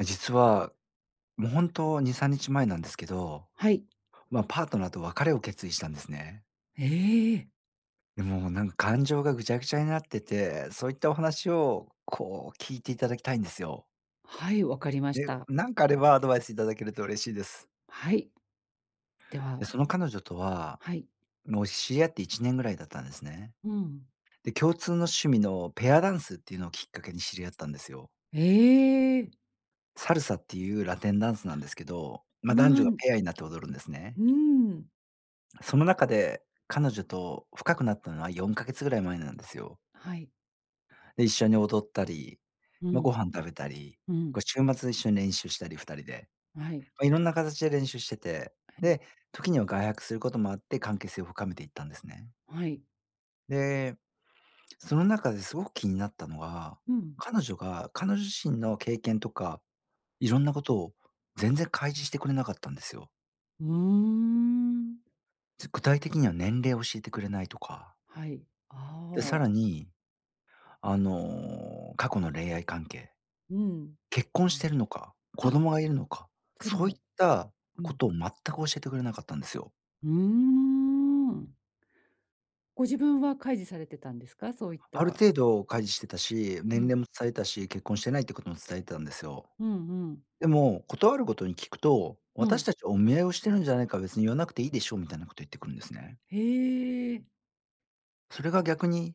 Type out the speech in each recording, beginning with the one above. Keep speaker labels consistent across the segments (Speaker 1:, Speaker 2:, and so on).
Speaker 1: 実は、も、ほんと2、3日前なんですけど。
Speaker 2: はい。
Speaker 1: まあ、パートナーと別れを決意したんですね。
Speaker 2: ええ。
Speaker 1: でも、なんか感情がぐちゃぐちゃになってて、そういったお話を、こう、聞いていただきたいんですよ。
Speaker 2: はい、わかりまし
Speaker 1: で、
Speaker 2: た。
Speaker 1: なんかあれば、アドバイスいただけると嬉しいです。
Speaker 2: はい。で
Speaker 1: で、
Speaker 2: は。
Speaker 1: その彼女とは、
Speaker 2: はい。
Speaker 1: もう知り合って1年ぐらいだったんですね。
Speaker 2: うん。
Speaker 1: で、共通の趣味のペアダンスっていうのをきっかけに知り合ったんですよ。
Speaker 2: ええ。
Speaker 1: サルサっていうラテンダンスなんですけど、ま、
Speaker 2: う
Speaker 1: 男
Speaker 2: ー
Speaker 1: 女が
Speaker 2: ん。
Speaker 1: ペアになって踊るんです
Speaker 2: う
Speaker 1: ね。
Speaker 2: ーん。
Speaker 1: その中で、彼女と深くなったのは4ヶ月ぐらい前なんですよ。
Speaker 2: はい。
Speaker 1: で、一緒に踊ったり、
Speaker 2: う
Speaker 1: ま、ご
Speaker 2: ん。
Speaker 1: 飯食べたり、
Speaker 2: うん。
Speaker 1: こ、週末一緒に練習したり2人で。
Speaker 2: あ、はい。
Speaker 1: ま、いろんな形で練習してて、
Speaker 2: はい。
Speaker 1: で、時には外泊することもあって関係性を深めていったんですね。
Speaker 2: はい。
Speaker 1: で、その中ですごく気になったのは、
Speaker 2: うん。
Speaker 1: 彼女が彼女自身の経験とか、いろんなことを全然開示してくれなかったんですよ。
Speaker 2: うーん。
Speaker 1: つ具体的には年齢を教えてくれないとか。
Speaker 2: はい、
Speaker 1: で、
Speaker 2: あ
Speaker 1: さ
Speaker 2: あ。
Speaker 1: らに、あの過去の恋愛関係。
Speaker 2: うん、
Speaker 1: 結婚
Speaker 2: う
Speaker 1: し
Speaker 2: ん。
Speaker 1: てるのか、子
Speaker 2: あ。
Speaker 1: 供がいるのか、
Speaker 2: それ
Speaker 1: そういっ
Speaker 2: も。
Speaker 1: た
Speaker 2: う
Speaker 1: こ
Speaker 2: ん。
Speaker 1: とを全く教えてくれなかったんですよ。
Speaker 2: うーん。ご自分は開示されてたんですか？そういっ
Speaker 1: ある
Speaker 2: た。
Speaker 1: 開示程度してたし、年
Speaker 2: うん。
Speaker 1: 齢も伝えたし、結婚してないってことも伝えてたんですよ。
Speaker 2: うんうん。
Speaker 1: でも、ことあるごとに聞くと、
Speaker 2: う
Speaker 1: 「私
Speaker 2: ん。
Speaker 1: たちはお見合いをしてるんじゃないか別に言わなくていいでしょ」みたいなこと言ってくるんですね。
Speaker 2: へえ。
Speaker 1: それが逆に、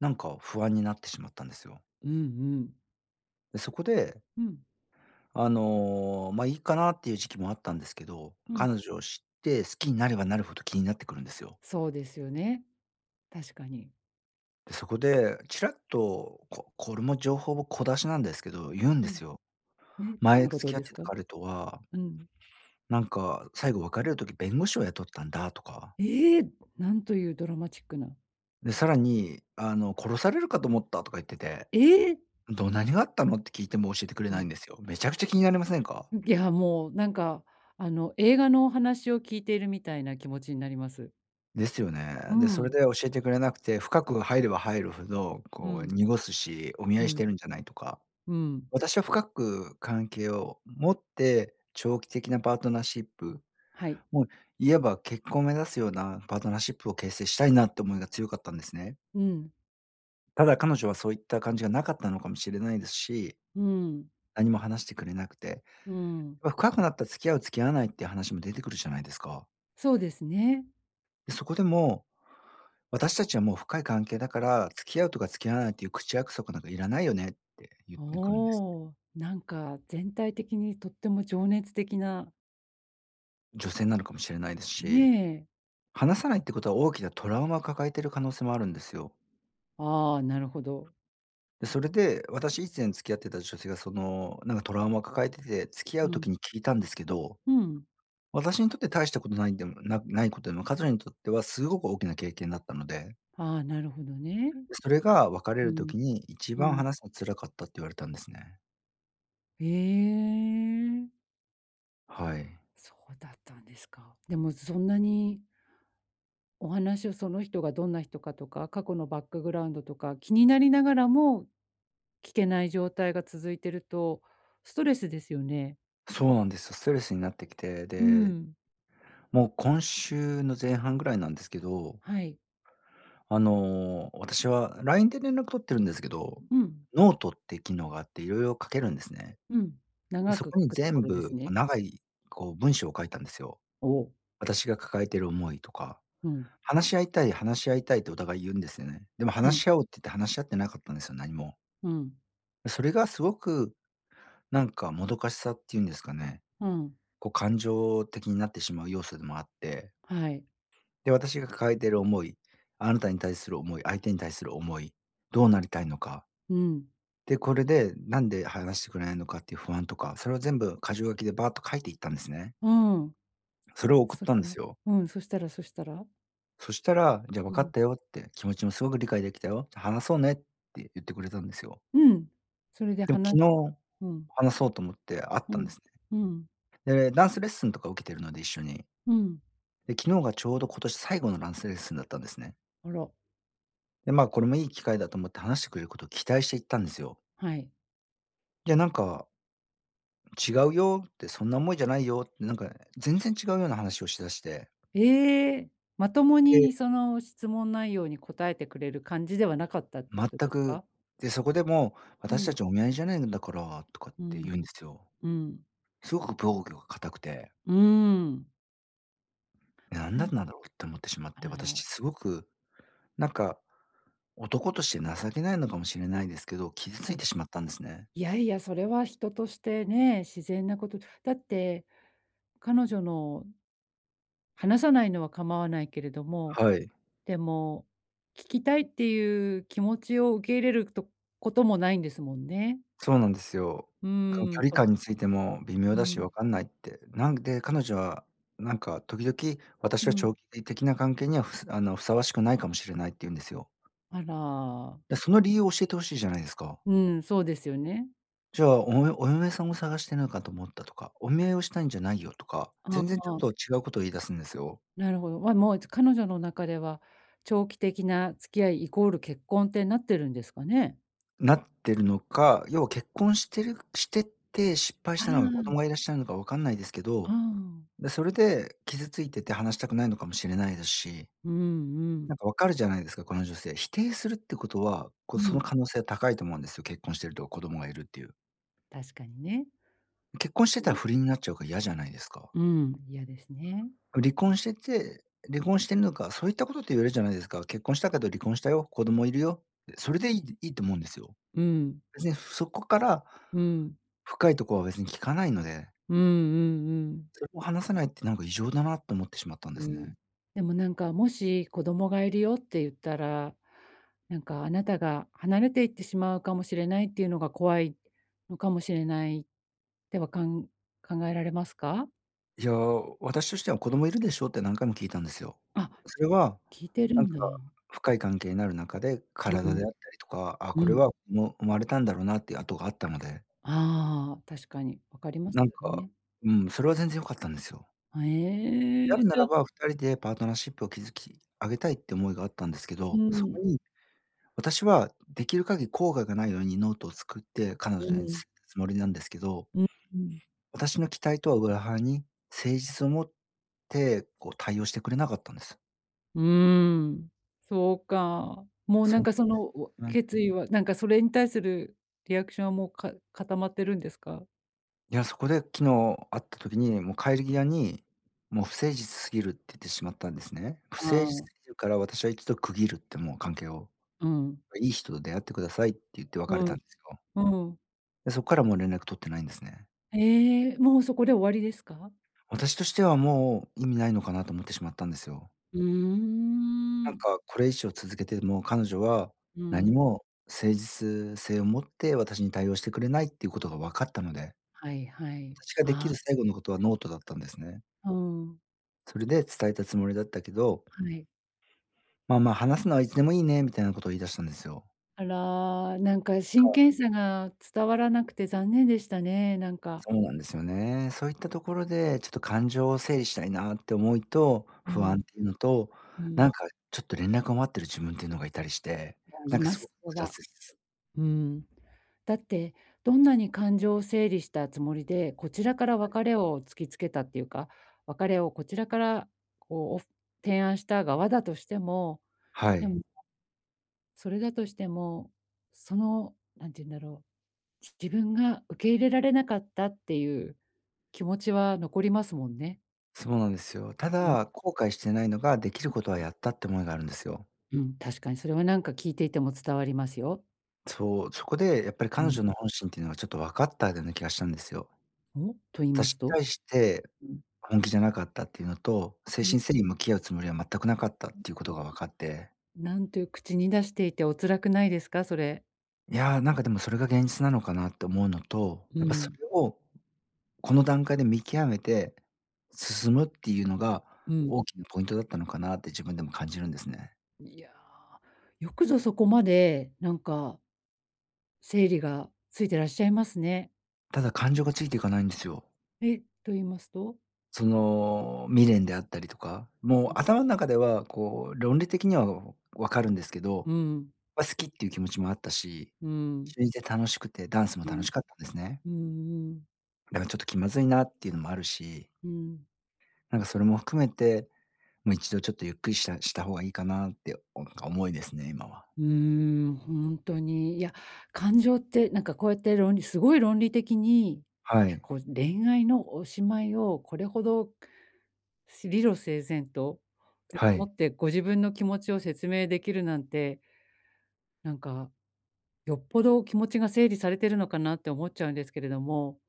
Speaker 1: なんか不安になってしまったんですよ。
Speaker 2: うんうん。
Speaker 1: で、そこで
Speaker 2: うん。
Speaker 1: あの、ま、いいかなっていう時期もあったんですけど、
Speaker 2: うん。
Speaker 1: 彼女を知って好きになればなるほど気になってくるんですよ。
Speaker 2: そうですよね、確かに。
Speaker 1: そこで、ちらっと、ここれも情報を小出しなんですけど、言うん
Speaker 2: う
Speaker 1: で
Speaker 2: ん。
Speaker 1: すよ。
Speaker 2: ね、どん
Speaker 1: 前
Speaker 2: なこ
Speaker 1: 付
Speaker 2: と
Speaker 1: き合っ
Speaker 2: です
Speaker 1: てた
Speaker 2: か？
Speaker 1: 彼とは
Speaker 2: うん。
Speaker 1: なんか、最後別れる時弁護士を雇ったんだとか。
Speaker 2: ええ！なんというドラマチックな。
Speaker 1: で、さらに、あの、殺されるかと思ったとか言ってて。
Speaker 2: ええ。
Speaker 1: ど何があったの？って聞いても教えてくれ
Speaker 2: う
Speaker 1: ない
Speaker 2: ん。
Speaker 1: んですよ。めちゃくちゃ気になりませんか？
Speaker 2: うん、いや、もう、なんか、あの、映画のお話を聞いているみたいな気持ちになります。
Speaker 1: ですよね。
Speaker 2: う
Speaker 1: で、それ
Speaker 2: ん。
Speaker 1: で教えてくれなくて、深く入れば入るほど、
Speaker 2: う
Speaker 1: こう、
Speaker 2: ん。
Speaker 1: 濁すし、お見合
Speaker 2: う
Speaker 1: いし
Speaker 2: ん。
Speaker 1: てるんじゃないとか。
Speaker 2: うーん。
Speaker 1: 私は深く関係を持って、長期的なパートナーシップ、
Speaker 2: はい。
Speaker 1: もう、いわば結婚を目指すようなパートナーシップを形成したいなって思いが強かったんですね。
Speaker 2: うーん。
Speaker 1: ただ彼女はそういった感じが無かったのかもしれないですし。
Speaker 2: うーん。
Speaker 1: 何も話してくれなくて。
Speaker 2: うーん。
Speaker 1: 深くなったら付き合う付き合わないって話も出てくるじゃないですか？
Speaker 2: そうですね。
Speaker 1: で、そこでも、私たちはもう深い関係だから、付き合うとか付き合わないっていう口約束なんかいらないよねって言ってくるんですね。
Speaker 2: おお、なんか全体的にとっても情熱的な。
Speaker 1: 女性なのかもしれないです
Speaker 2: ね
Speaker 1: し。
Speaker 2: え。
Speaker 1: 話さないってことは、大きなトラウマを抱えてる可能性もあるんですよ。
Speaker 2: ああ、なるほど。
Speaker 1: それで、私以前付き合ってた女性がそのなんかトラウマを抱えてて、付き合う
Speaker 2: うん。
Speaker 1: 時に聞いたんですけど、
Speaker 2: うん。
Speaker 1: 私にとって大したことないんでもなないことでも、彼女にとってはすごく大きな経験だったので。
Speaker 2: はあ、なるほどね。
Speaker 1: 「それが別れ
Speaker 2: う
Speaker 1: る
Speaker 2: ん、
Speaker 1: 時に一
Speaker 2: う
Speaker 1: 番
Speaker 2: ん。
Speaker 1: 話すのが辛かった」って言われたんですね。
Speaker 2: へえ。
Speaker 1: はい。
Speaker 2: そうだったんですか。でもそんなにお話をその人がどんな人かとか、過去のバックグラウンドとか、気になりながらも、聞けない状態が続いていると、ストレスですよね。
Speaker 1: そうなんですよ。ストレスになってきて、
Speaker 2: う
Speaker 1: で、
Speaker 2: ん。
Speaker 1: もう今週の前半ぐらいなんですけど
Speaker 2: はい。
Speaker 1: あの私は LINE で連絡取ってるんですけど、
Speaker 2: うん。
Speaker 1: ノートって機能があって、いろいろ書けるんですね。
Speaker 2: うん、
Speaker 1: で、
Speaker 2: 長
Speaker 1: そ
Speaker 2: く
Speaker 1: こ
Speaker 2: 書
Speaker 1: に
Speaker 2: くとこ
Speaker 1: 全
Speaker 2: ろで
Speaker 1: 部、
Speaker 2: す
Speaker 1: こう、
Speaker 2: ね。
Speaker 1: 長い、こう文章を書いたんですよ。
Speaker 2: おお。
Speaker 1: 私が抱えている思いとか、
Speaker 2: うん。
Speaker 1: 「話し合いたい、話し合いたい」とお互い言うんですよね。でも
Speaker 2: う
Speaker 1: 「話
Speaker 2: ん。
Speaker 1: し合おう」って言って、話し合ってなかったんですよ、何も。
Speaker 2: うん。
Speaker 1: それがすごくなんか、もどかしさっていうんですかね。
Speaker 2: うん。
Speaker 1: こう感情的になってしまう要素でもあって。
Speaker 2: はい。
Speaker 1: で私が抱えている思い、あなたに対する思い、相手に対する思い、どうなりたいのか。
Speaker 2: うん。
Speaker 1: で、これで、なんで話してくれないのかっていう不安とか、それを全部箇条書きでバアッと書いていったんですね。
Speaker 2: うん。
Speaker 1: それを送っ
Speaker 2: そし
Speaker 1: たん
Speaker 2: た
Speaker 1: です
Speaker 2: ら、
Speaker 1: よ。
Speaker 2: うん、そしたらそしたら？
Speaker 1: そしたら、じゃあ、
Speaker 2: う
Speaker 1: 「わかっ
Speaker 2: ん。
Speaker 1: たよ」って、「気持ちもすごく理解できたよ。話そうね」って言ってくれたんですよ。
Speaker 2: うん、それで、
Speaker 1: でも
Speaker 2: はな
Speaker 1: 昨日
Speaker 2: うん。
Speaker 1: 話そうと思って会っ
Speaker 2: う
Speaker 1: たんで
Speaker 2: ん
Speaker 1: す
Speaker 2: うん。
Speaker 1: ね。で、ダンスレッスンとか受けてるので、一緒に。
Speaker 2: うん。
Speaker 1: で、昨日がちょうど今年最後のダンスレッスンだったんですね。
Speaker 2: あら。
Speaker 1: でまあ、これもいい機会だと思って話してくれることを期待して行ったんですよ。
Speaker 2: はい。
Speaker 1: いや、なんか、違うよって、そんな思いじゃないよってなんか全然違うような話をしだして。
Speaker 2: ええ。まとも
Speaker 1: で
Speaker 2: にその質問内容に答えてくれる感じではなかったってこと
Speaker 1: 全
Speaker 2: です
Speaker 1: く、
Speaker 2: か？
Speaker 1: で、そこで、もう、
Speaker 2: う
Speaker 1: 私た
Speaker 2: ん。
Speaker 1: ちお見合いじゃないんだから、とかっ
Speaker 2: う
Speaker 1: て
Speaker 2: ん、
Speaker 1: 言うんですよ。
Speaker 2: うん。
Speaker 1: すごく防御が硬くて。
Speaker 2: うーん。
Speaker 1: なん
Speaker 2: う
Speaker 1: だ
Speaker 2: ん。
Speaker 1: んなろうって思ってしまっ
Speaker 2: あ
Speaker 1: て、私、ち
Speaker 2: の
Speaker 1: すごく、なんか、男として情けないのかもしれないですけど、傷つ
Speaker 2: は
Speaker 1: い
Speaker 2: い。
Speaker 1: てしまったんですね。
Speaker 2: いやいや、それは人としてね、自然なこと。だって、彼女の話さないのは構わないけれども、
Speaker 1: はい。
Speaker 2: でも、聞きたいっていう気持ちを受け入れるとこともないんですもんね？
Speaker 1: そうなんですよ。
Speaker 2: う
Speaker 1: この
Speaker 2: ーん、
Speaker 1: 距離
Speaker 2: と。
Speaker 1: 感についても微妙
Speaker 2: う
Speaker 1: だしわ
Speaker 2: ん。
Speaker 1: かんないって。なんで、彼女はなんか時々、
Speaker 2: う
Speaker 1: 「私は
Speaker 2: ん。
Speaker 1: 長期的な関係には、ふさあのふさわしくないかもしれない」って言うんですよ。
Speaker 2: あら。
Speaker 1: いやその理由を教えて欲しいじゃないですか。
Speaker 2: うん、そうですよね。
Speaker 1: じゃあ、およお嫁さんを探してないかと思ったとか、お見合いをしたいんじゃないよとか、
Speaker 2: ああ
Speaker 1: 全然ち
Speaker 2: あ
Speaker 1: ょっ
Speaker 2: あ。
Speaker 1: と違うことを言い出すんですよ。
Speaker 2: なるほど。わもう、つ彼女の中では、長期的な付き合いイコール結婚ってなってるんですかね？
Speaker 1: なってるのか、要は結婚してるしてて失敗
Speaker 2: あ、
Speaker 1: し
Speaker 2: う
Speaker 1: たのか子
Speaker 2: ーん。
Speaker 1: 供がいらっしゃるのかわかんないですけ
Speaker 2: う
Speaker 1: ど。
Speaker 2: ん。
Speaker 1: で、それで、傷ついてて話したくないのかもしれないですし。
Speaker 2: うんうん。
Speaker 1: なんかわかるじゃないですか、この女性。否定するってことは、こ
Speaker 2: う
Speaker 1: そ
Speaker 2: ん。
Speaker 1: の可能性高いと思うんですよ。結婚してると子供がいるっていう。
Speaker 2: 確かにね。
Speaker 1: 結婚して
Speaker 2: う
Speaker 1: たら
Speaker 2: ん。
Speaker 1: 不倫になっちゃうから嫌じゃないですか。
Speaker 2: うん、嫌ですね。
Speaker 1: 離婚してて、離婚してんのか、そういったことって言えるじゃないですか。結婚したけど離婚したよ、子供いるよ、で、それでいいっていいと思うんですよ。
Speaker 2: うん。
Speaker 1: 別にそこから
Speaker 2: うん。
Speaker 1: 深いとこは別に聞かないので。
Speaker 2: うんうんうん。
Speaker 1: それも話さないってなんか異常だなって思ってしまったんで
Speaker 2: う
Speaker 1: す
Speaker 2: ん。
Speaker 1: ね。
Speaker 2: でもなんか、もし子供がいるよって言ったら、なんかあなたが離れていってしまうかもしれないっていうのが怖い、のかもしれない、ってはかん考えられますか？
Speaker 1: いや、私としては子供いるでしょって何回も聞いたんですよ。
Speaker 2: あ、
Speaker 1: そ
Speaker 2: じゃ
Speaker 1: れ
Speaker 2: あ、
Speaker 1: は、
Speaker 2: 聞いてる
Speaker 1: なん
Speaker 2: ん
Speaker 1: か
Speaker 2: だ。
Speaker 1: 深い関係になるなかで、
Speaker 2: うう
Speaker 1: 体
Speaker 2: ん。
Speaker 1: であったりとか、あ、
Speaker 2: う
Speaker 1: これ
Speaker 2: ん。
Speaker 1: はもう生まれたんだろうなっていう痕があったので。
Speaker 2: ああ、確かに。分かります
Speaker 1: なん
Speaker 2: よ
Speaker 1: か、
Speaker 2: ね。
Speaker 1: うん、それは全然良かったんですよ。
Speaker 2: へえ、
Speaker 1: や
Speaker 2: じ
Speaker 1: るな
Speaker 2: ゃ
Speaker 1: ら
Speaker 2: あ。
Speaker 1: ば、2人でパートナーシップを築き上げたいって思いがあったんですけ
Speaker 2: う
Speaker 1: ど、そ
Speaker 2: ん。
Speaker 1: こに、私はできる限り後悔がないようにノートを作って彼
Speaker 2: う
Speaker 1: 女に、つ
Speaker 2: ん。
Speaker 1: つもりなんですけど
Speaker 2: ううん。
Speaker 1: 私の期待とは裏腹に、誠実をもって、こう対応してくれなかったんです。
Speaker 2: うーん。そうか。もうな
Speaker 1: そ
Speaker 2: ん
Speaker 1: う
Speaker 2: かその、うわ
Speaker 1: なん [unintelligible] はい。
Speaker 2: 決意は、なんかそれに対するリアクションはもうか固まってるんですか？
Speaker 1: いや、そこで昨日会った時に、もう帰り際に、もう不誠実すぎるっててしまったんですね。不誠じ
Speaker 2: あ
Speaker 1: [unintelligible] す
Speaker 2: あ。
Speaker 1: ぎるから、私は一度区切るってもう関係を、
Speaker 2: うん。
Speaker 1: いい人と出会ってくださいって言って
Speaker 2: う
Speaker 1: 別れた
Speaker 2: ん、
Speaker 1: んすよ。
Speaker 2: うん。
Speaker 1: で、そっからもう連絡取ってないんですね。
Speaker 2: ええ、もうそこで終わりですか？
Speaker 1: 私としてはもう意味ないのかなと思ってしまったんですよ。
Speaker 2: うー
Speaker 1: なん
Speaker 2: ん。
Speaker 1: か、これ以上続けても、彼女は、
Speaker 2: う
Speaker 1: 何
Speaker 2: ん。
Speaker 1: も誠実性を持って私に対応してくれないっていうことがわかったので。
Speaker 2: はいはい、
Speaker 1: 私が出
Speaker 2: あ
Speaker 1: 来
Speaker 2: あ。うん
Speaker 1: る
Speaker 2: うん。
Speaker 1: 最後のことはノートだったんですね。
Speaker 2: うん。
Speaker 1: それで伝えたつもりだったけど
Speaker 2: はい。
Speaker 1: まあ、まあ、話すのはいつでもいいね、みたいなことを言い出したんですよ。
Speaker 2: あら、なんか真
Speaker 1: た
Speaker 2: 剣さが伝わらなくて残念でしたね。なんか。
Speaker 1: そうなんですよね。そういったところで、ちょっと感情を整理したいなって思いと、
Speaker 2: う
Speaker 1: 不安っ
Speaker 2: ん。
Speaker 1: ていうのと、
Speaker 2: う
Speaker 1: なん
Speaker 2: ん。
Speaker 1: かちょっと連絡を待ってる自分っていうのがいたりして、
Speaker 2: いや
Speaker 1: な
Speaker 2: い
Speaker 1: んか
Speaker 2: ま
Speaker 1: すご
Speaker 2: す、
Speaker 1: ふ
Speaker 2: お
Speaker 1: 雑
Speaker 2: は。
Speaker 1: です。
Speaker 2: うん。だって、どんなに感情を整理したつもりで、こちらから
Speaker 1: はい。
Speaker 2: 別れを突きつけたっていうか、別れをこちらから、こう提案した側だとしても、
Speaker 1: は
Speaker 2: で
Speaker 1: い。
Speaker 2: もね、それだとしても、その、なんて言うんだろう、ち自分が受け入れられなかったっていう、気持ちは残りますもんね。
Speaker 1: そうなんですよ。た
Speaker 2: うん。
Speaker 1: だ、後悔してないのが、できる
Speaker 2: うん。
Speaker 1: ことはやったって思いがあるんですよ。
Speaker 2: うん、確かにそれは何か聞いていても伝わりますよ。
Speaker 1: そう、そこでやっぱり
Speaker 2: う
Speaker 1: 彼
Speaker 2: ん。
Speaker 1: 女の本心っていうのがちょっとわかったぐね気がしたんですよ。
Speaker 2: お、と言い
Speaker 1: た
Speaker 2: ます
Speaker 1: し
Speaker 2: と？
Speaker 1: 対して、
Speaker 2: うん。
Speaker 1: 本気じゃなかったっていうのと、誠
Speaker 2: うん。
Speaker 1: 心誠意向き合うつもりは全くなかったっていう
Speaker 2: [unintelligible]
Speaker 1: ことがわかって。
Speaker 2: なんという、口に出していてお辛くないですか、それ？
Speaker 1: いや、なんかでもそれが現実なのかなって思うのと、
Speaker 2: う
Speaker 1: やっぱそ
Speaker 2: ん。
Speaker 1: れを、この段階で見極めて、進むっていうのが
Speaker 2: うん。
Speaker 1: 大きなポイントだったのかなって自分でも感じるんですね。
Speaker 2: にや、よくぞそこまで、なんか整理がついてらっしゃいますね。
Speaker 1: ただ、感情がついていかないんですよ。
Speaker 2: えっ、と言いますと？
Speaker 1: その、未練であったりとか、
Speaker 2: う
Speaker 1: もう
Speaker 2: ん。
Speaker 1: 頭の中では、こう、論理的には、おわかるんですけど、
Speaker 2: うん。
Speaker 1: ま、好きっていう気持ちもあったし、
Speaker 2: うん。
Speaker 1: しゅいで楽しくて、ダンスも
Speaker 2: う
Speaker 1: 楽
Speaker 2: ん。
Speaker 1: しかったんですね。
Speaker 2: うんうん。
Speaker 1: なんかちょっと気まずいなっていうのもあるし。
Speaker 2: うん。
Speaker 1: なんかそれも含めて、もう一度ちょっとゆっくりしたした方がいいかなって、おおなんか、思いですね、今は。
Speaker 2: うーん、ほんとに、いや、感情ってなんかこうやって論理凄い論理的に、い
Speaker 1: は
Speaker 2: や、
Speaker 1: い。
Speaker 2: こう、恋愛のおしまいをこれほど、し理路整然とと
Speaker 1: は
Speaker 2: 思
Speaker 1: い。
Speaker 2: ってご自分の気持ちを説明できるなんてなんか、よっぽど気持ちが整理されてるのかなって思っちゃうんですけれども、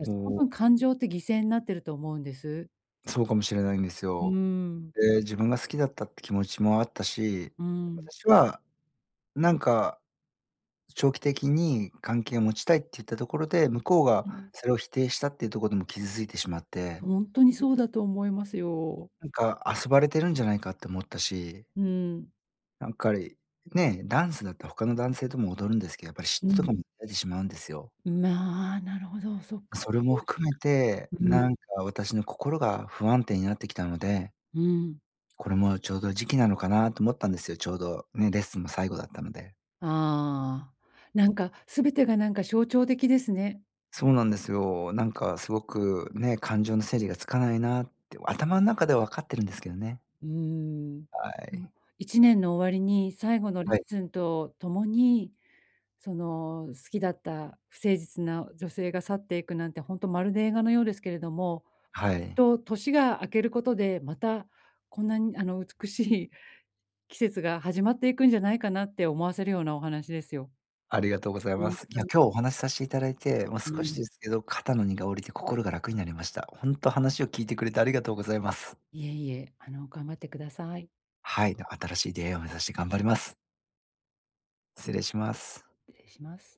Speaker 2: あ、すそ
Speaker 1: う。
Speaker 2: の感情って犠牲なってると思うんです。
Speaker 1: そうかもしれないんです
Speaker 2: うー
Speaker 1: よ。
Speaker 2: ん。
Speaker 1: で、自分が好きだったって気持ちもあったし、
Speaker 2: うん。
Speaker 1: 私は、なんか、長期的に関係を持ちたいって言ったところで、向こうが
Speaker 2: うん。
Speaker 1: それを否定したっていうとこでもう傷ついてしまって。
Speaker 2: 本当にそうだと思いますよ。
Speaker 1: なんか、遊ばれてるんじゃないかって思ったし。
Speaker 2: うん。
Speaker 1: なんかり、ね、ダンスだったら他の男性とも踊るんですけど、やっぱり嫉
Speaker 2: う
Speaker 1: 妬と
Speaker 2: ん。
Speaker 1: かも出てしまうんですよ。
Speaker 2: んまあ、なるほど、そっか。
Speaker 1: それも 含めて、
Speaker 2: う
Speaker 1: な
Speaker 2: ん。
Speaker 1: んか私の心が不安定になってきたので
Speaker 2: うん。
Speaker 1: これもうちょうど時期なのかなと思ったんですよ、ちょうど、ね、レッスンも最後だったので。
Speaker 2: ああ。なんか、全てがなんか象徴的ですね。
Speaker 1: そうなんですよ。なんかすごく、ね、感情の整理がつかないなあって。頭の中ではわかってるんですけどね。
Speaker 2: うーん。
Speaker 1: あい。
Speaker 2: の、1年の終わりに最後のレッ
Speaker 1: はい。
Speaker 2: スンと共に、その、好きだった不誠実な女性が去っていくなんて、ほんとまるで映画のようですけれども、
Speaker 1: はい。
Speaker 2: と年が明けることで、またこんなにあの、美しい、季節が始まっていくんじゃないかなって思わせるようなお話ですよ。
Speaker 1: ありがとうござい
Speaker 2: ほ
Speaker 1: ま
Speaker 2: ん
Speaker 1: す。いや、今日お話さしていただいて、もう
Speaker 2: う
Speaker 1: 少し
Speaker 2: ん。
Speaker 1: ですけど、肩の荷が下りて心が楽になりました。ほんと話を聞いてくれてありがとうございます。
Speaker 2: いえいえ。あの、頑張ってください。
Speaker 1: はい、の新しい出会いを目指して頑張ります。失礼します。
Speaker 2: 失礼します。